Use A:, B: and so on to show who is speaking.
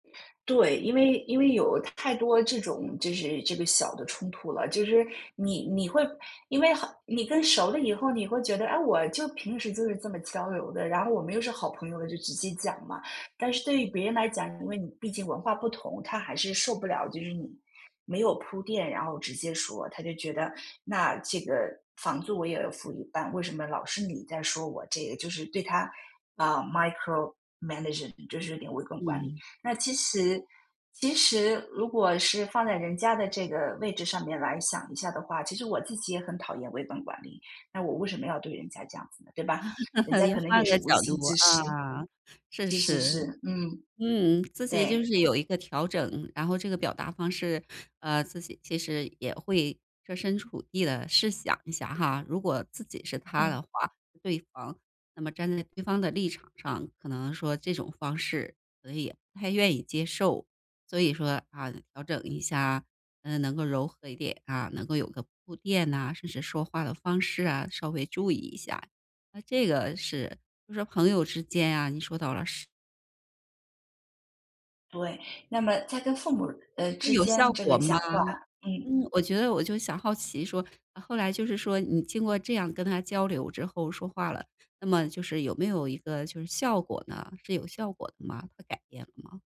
A: 对，因为因为有太多这种就是这个小的冲突了，就是你你会因为很你更熟了以后，你会觉得，啊，我就平时就是这么交流的，然后我们又是好朋友了，就直接讲嘛。但是对于别人来讲，因为你毕竟文化不同，他还是受不了，就是你没有铺垫，然后直接说。他就觉得那这个房租我也要付一半，为什么老是你在说我？这个就是对他，啊 micromanage，就是有点微观管理。
B: 嗯。
A: 那其实其实如果是放在人家的这个位置上面来想一下的话，其实我自己也很讨厌微观管理。那我为什么要对人家这样子呢，对吧？人家
B: 你
A: 可能也
B: 换
A: 是
B: 个
A: 无
B: 角
A: 心
B: 度，
A: 之失。
B: 啊。是
A: 是是是。
B: 是，
A: 嗯，
B: 嗯，自己就
A: 对。
B: 是有一个调整，然后这个表达方式，呃，自己其实也会设身处地地试想一下哈。如果自己是他
A: 嗯。
B: 的话对方，那么站在对方的立场上，可能说这种方式可能也不太愿意接受。所以说，啊，调整一下，嗯，能够柔和一点，啊，能够有个铺垫呐，甚至说话的方式啊，稍微注意一下。那这个是就说朋友之间啊，你说到了是
A: 对，那么在跟父母，呃，
B: 这
A: 之
B: 有效
A: 间这个
B: 果吗？
A: 讲话嗯。
B: 嗯，我觉得我就想好奇说，后来就是说你经过这样跟他交流之后说话了，那么就是有没有一个就是效果呢？是有效果的吗？他改变了吗？